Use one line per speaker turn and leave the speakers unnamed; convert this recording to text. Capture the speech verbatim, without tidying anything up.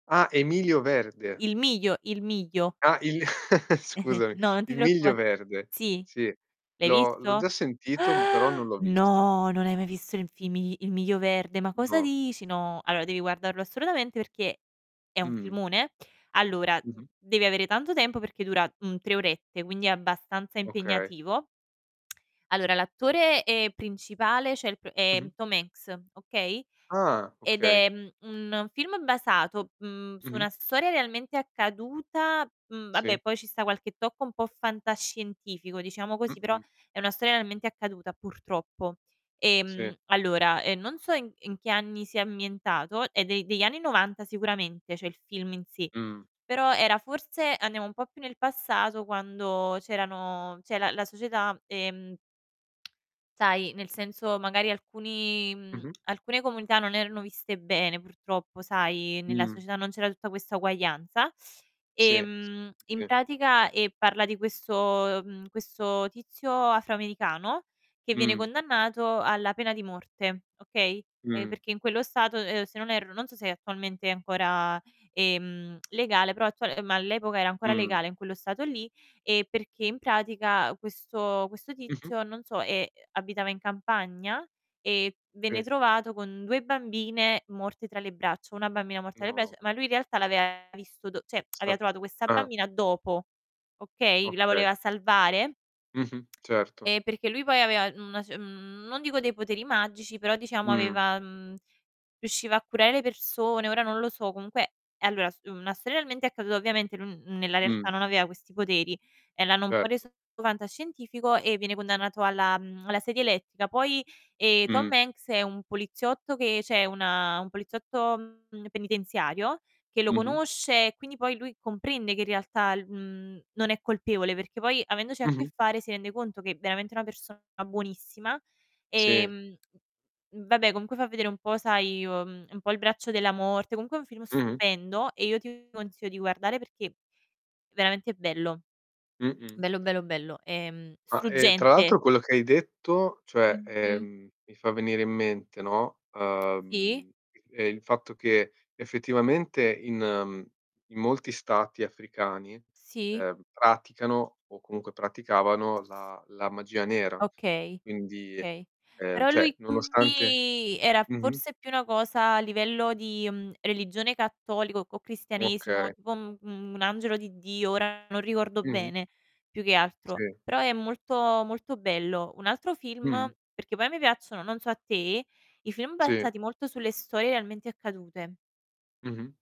Ah, Emilio verde.
Il miglio il miglio.
Ah, il scusami,
No, non ti
il Miglio
preoccupa
Verde.
Sì,
Sì,
l'hai
l'ho l'ho
visto?
già sentito, però non l'ho visto.
No! Non hai mai visto il fimi Il Miglio Verde, ma cosa
No.
dici? No, allora devi guardarlo assolutamente perché è un
Mh.
filmone. Allora d
Mh-mh.
devi avere tanto tempo perché dura un tre orette, quindi è abbastanza
Okay.
impegnativo Allora l'attore, ehm, principale ceh, il pr è
Mh-mh.
Tom Hanks, okay,
Ah,
ed
okay.
è, mhmm, un film basato, mhmm, su
Mh-mh.
una storia realmente accaduta, mhmm,
Sì.
babbè poi ci sta qualche tocco un po' fantascientifico diciamo così, però
Mh-mh.
è una storia realmente accaduta, purtroppo.
Sì.
Ehm, allora, ehm, non so in in che anni sia ammientato, è de degli anni novanta sicuramente ceh, il film in sé,
Mh.
però era forse andiamo un po' più nel passato quando c'erano ceh la la società, ehm sai, nel senso magari alcuni mhmm,
Mh-mh.
alcune comunità non erano viste bene purtroppo sai, nella
Mh.
società non c'era tutta questa uguaglianza,
Sì, s
ehm, in
sì.
pratica, ehm, parla di questo ehm, questo tizio afroamericano che viene
Mh.
condannato alla pena di morte, okay. Ehm,
Mh.
perché in quello stato, ehm, se non erro, non so se è attualmente ancora, ehm, legale, però attuale ma all'epoca era ancora
Mh.
legale in quello stato lì e perché in pratica questo questo
Mh-mh.
tizio non so, ehm, abitava in campagna e venne
Sì.
trovato con due bambine morte tra le braccia, una bambina morta alle bresh,
No.
ma lui in realtà l'aveva visto do ceh, aveva
Sav
trovato questa
ah.
bambina dopo, okay. La
Okay.
voleva salvare
Mh-mh, certo.
e perché lui poi aveva una c n non dico dei poteri magici, però diciamo
Mh.
aveva mhmm, riusciva a curare le persone, ora non lo so comunque e allora s una storia almente accaduta, ovviamente lui n nella
Mh.
realtà non aveva questi poteri e l'hanno un po'
Erto.
reso fantascientifico e viene condannato alla, mhmm, alla sedia elettrica. Poi, ehm,
Mh.
Tom Hanks è un poliziotto che ceh una un poliziotto, mhmm, penitenziario che lo
Mh-mh.
conosce e quindi poi lui comprende che in realtà lu mhmm, non è colpevole, perché poi avendoci a che
Mh-mh.
fare si rende conto che, veramente una persona buonissima,
Sì.
ehm, v vabbè comunque fa vedere un po' sai, uhm, un po' il braccio della morte, comunque è un film
Mh-mh.
stupendo e io ti consiglio di guardare perché veramente bello.
Mh-mh.
Bello, bello, bello, ehm,
Ah, e tra
struggente.
l'altro quello che hai detto, cioè,
Mh-mh.
ehm, mi fa venire in mente, no,
Sì.
uhm, ehm, il fatto che effettivamente in, mhmm, in molti stati africani,
Sì.
ehm, praticano o comunque
S
praticavano la la magia nera.
Okay,
Quindi
kay.
ehm,
Però
ceh,
lui
nonostante
qui era
mh-mh.
forse più una cosa a livello di, mhmm, religione cattolico, c o cristianesimo,
Okay.
tipo un un angelo di Dio ora non ricordo
Mh-mh.
bene, più che altro,
Sì.
però è molto, molto bello. Un altro film
Mh-mh.
perché poi a me piacciono, non so a te, i film
Sì.
basati molto sulle storie realmente accadute.
Mh-mh.